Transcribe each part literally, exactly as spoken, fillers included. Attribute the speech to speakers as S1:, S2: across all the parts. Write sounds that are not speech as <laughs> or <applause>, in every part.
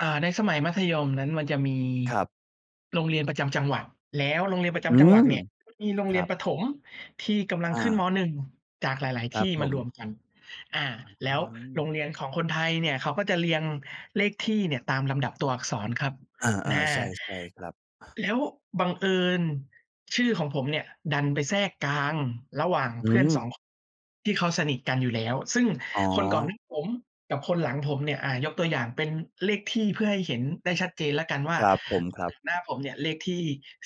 S1: อ่า ในสมัยมัธยมนั้น มันจะมี
S2: ครับ
S1: โรงเรียนประจำจังหวัด แล้วโรงเรียนประจ
S2: อื
S1: ำจังหวัด
S2: ม!
S1: เนี่ย มีโรง
S2: ค
S1: เรี
S2: ร
S1: ย
S2: ั
S1: น
S2: บ
S1: ประถมที่กำลัง
S2: อ
S1: ขึ้น
S2: า
S1: มอหนึ่ง จากหลาย
S2: คร
S1: ๆ ท
S2: ับ
S1: ี่
S2: ผ
S1: มาร
S2: ม
S1: วมกัน อ่า แล้วโร
S2: <unintelligible>
S1: งเรียนของคนไทยเนี่ย เขาก็จะเรียงเลขที่เนี่ยตามลำดับตัวอักษรครับ
S2: เออ
S1: น อา
S2: ๆ ใช่ ๆ ครับ อะ
S1: แล้วบังเอิญชื่อของผมเนี่ยดันไปแทรกกลางระหว่าง
S2: อื
S1: เพื่อน ส
S2: ม!
S1: อง ค ที่เขาสนิทกันอยู่แล้ว ซึ่ง
S2: อ๋อ
S1: คนก่อน น ผมกับคนหลังผมเนี่ย อ่า ยกตัวอย่างเป็นเลขที่ เพื่อให้เห็นได้ชัดเจนแล้วกันว่า
S2: ครับผม ครั
S1: ต
S2: บ
S1: หน้าผมเนี่ยเลขที่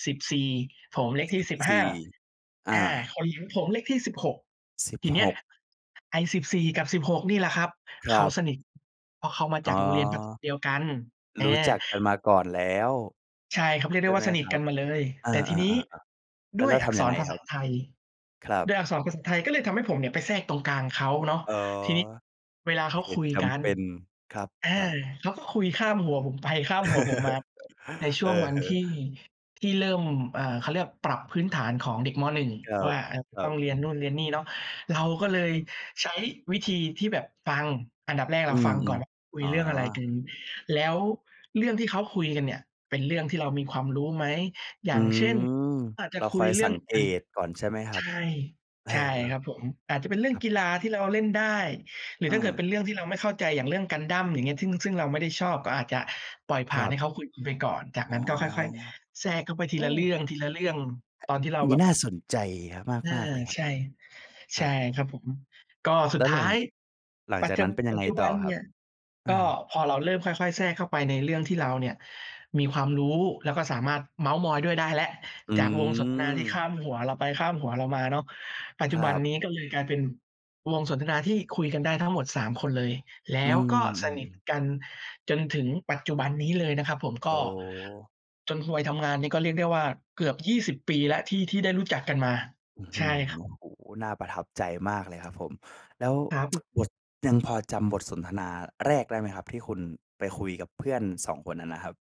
S1: สิบสี่ ผมเลขท
S2: ส
S1: ี่
S2: ิบ
S1: สิบห
S2: ส
S1: ้า
S2: ี่ อ
S1: อ
S2: า
S1: า คนเหลียง ผมเลขที่ สิบหก
S2: สิบ
S1: ทีเน
S2: ห
S1: ี้ย
S2: ก
S1: ไอ้ สิบสี่ กับ สิบหก นี่แหละครับ
S2: คร
S1: เข
S2: ั
S1: า
S2: บ
S1: สนิท เพราะเขามา
S2: อ๋
S1: จ
S2: อ
S1: ากโรงเรียนประ เดียวกัน แอ
S2: รู้จักกันมาก่อนแล้ว
S1: ใช่ ครับเรียก
S2: ใช
S1: ได
S2: ่
S1: ้ว
S2: ไ
S1: ่
S2: หม
S1: า สนิ
S2: ค
S1: ท
S2: รั
S1: กั
S2: บ
S1: นมาเลย
S2: อา
S1: แต่ทีนี้
S2: ๆ ๆ ๆ แล้
S1: ด
S2: ว
S1: ้ว
S2: เร
S1: ย
S2: า
S1: อ
S2: ท
S1: ัก
S2: ำ
S1: ษ
S2: ยังไ
S1: ร
S2: ง
S1: ภา
S2: คร
S1: ษ
S2: ั
S1: า
S2: บ?
S1: ไทย
S2: ครับ
S1: ด้วยอักษรภาษาไทยก็เลยทำให้ผมเนี่ยไปแทรกตรงกลางเขาเนาะ
S2: อ๋อ
S1: ทีนี้ เวลาเขา
S2: เห
S1: ค
S2: ต
S1: ุ
S2: ุ
S1: ย
S2: จ
S1: กั
S2: ำ
S1: น
S2: เป็น คร
S1: อา
S2: ับ ๆ
S1: เขาก็คุยข้ามหัวผมไปข้ามหัวผมมา
S2: <laughs>
S1: ในช
S2: อ
S1: ่
S2: ื
S1: วง
S2: อ
S1: วัน
S2: ฮึ
S1: ที่ ที่เริ่ม เอ่อ เขาเรียกปรับพื้นฐานของเด็ก มอหนึ่ง
S2: ครั
S1: ว
S2: บ
S1: ่า เอ่อ
S2: ครั
S1: ต้องเรียนน
S2: บ
S1: ู่นเรียนนี่เนาะ เราก็เลย
S2: อืม
S1: ใช้วิธีที่แบบฟัง อันดับแรก
S2: อ
S1: เ
S2: ื
S1: ราฟ
S2: ม
S1: ังก่อนว่า คุ
S2: ๆ อ
S1: ย
S2: ๋อ
S1: เรื่องอะไรกัน แล้วเรื่องที่เขาคุยกันเนี่ย เป็นเรื่องที่เรามีความรู้ไหม อย
S2: อื
S1: ่างเช่น
S2: ม
S1: อาจจ
S2: เ
S1: ะ
S2: รา
S1: ค
S2: ค
S1: ุ
S2: อ
S1: ย
S2: ย
S1: เรื
S2: ส
S1: ่
S2: ั
S1: อง
S2: งเก
S1: อะ
S2: ตก่อนใช่ไหมคร
S1: ใ
S2: ั
S1: ช
S2: บ?
S1: ่
S2: เออ
S1: ใช่ครับผม อาจจะเป็นเรื่
S2: ๆ
S1: อ
S2: ค
S1: ง
S2: รับ
S1: กีฬาที่เราเล่นได้ หรือ
S2: เ
S1: ถ้าเกิด
S2: ออ
S1: เป็นเรื่องที่เราไม่เข้าใจ อย่างเรื่อง gundam อย่างเงี้ย ซึ่ง ซึ่งเราไม่ได้ชอบก็อาจจะปล่อยผ
S2: ค
S1: ่
S2: ร
S1: าน
S2: ั
S1: ให
S2: บ
S1: ้เขาคุยกันไปก่อน จ
S2: อ
S1: าก
S2: ๋อ
S1: นั้นก็ค่อย ๆ แทรกเข้าไปท
S2: โ
S1: ี
S2: อ้!
S1: ละเรื่อง ทีละเรื่อง ตอนที่เรา
S2: น
S1: แ
S2: ี
S1: บ
S2: ้
S1: บ
S2: น่าสนใจ
S1: อา
S2: ห มาก ๆ เลยครั
S1: ใ
S2: บ
S1: ช่ ใ
S2: ค
S1: ช
S2: ร
S1: ่
S2: ับ
S1: ครับผม ก็สุ
S2: แล
S1: ด
S2: ้ว
S1: ท
S2: หล
S1: ้
S2: ั
S1: า
S2: ง
S1: ย
S2: หลัง
S1: ปั
S2: จ
S1: จ
S2: าก
S1: จ
S2: นั้นเป็น
S1: ำ
S2: ยั
S1: ป
S2: ง
S1: ัจ
S2: ไง
S1: จุบ
S2: ต่
S1: ั
S2: อ
S1: น
S2: ค
S1: เ
S2: ร
S1: น
S2: ั
S1: ี
S2: บ?
S1: ่ย
S2: เออ
S1: ก็พอเราเริ่มค่อย ๆ แทรกเข้าไปในเรื่องที่เราเนี่ยมีความรู้ แล้วก็สามารถเม้าท์มอยด้วยได้แล้ว
S2: อื
S1: จากวงสนทนาที่ข
S2: ม
S1: ้ามหัวเราไปข้ามหัวเรามาเนาะ ปัจจ
S2: ค
S1: ุ
S2: ร
S1: บั
S2: ั
S1: น
S2: บ
S1: นี้ก็เลยกลายเป็นวงสนทนาที่คุยกันได้ทั้งหมด สาม คนเลย แล
S2: อื
S1: ้วก็ส
S2: ม
S1: นิท
S2: ๆ ๆ
S1: กันจนถึงปัจจุบันนี้เลยนะครับผม ก
S2: โอ
S1: ็
S2: ้
S1: จนฮวย ทำงานนี่ก็เรียกได้ว่า เกือบ ยี่สิบ ปีแล้วที่ ที่ได้รู้จักกันมา
S2: อื้อฮ
S1: ใช
S2: ื
S1: ่
S2: อ
S1: ค
S2: โ
S1: รับ
S2: อ้โฮ น่าประทับใจมากเลยครับผม แล้ว
S1: ครับ
S2: <tsk> บท ยังพอจำบทสนทนาแรกได้ไหมครับที่คุณไปคุยกับเพื่อน สอง คนนั้นนะครับ?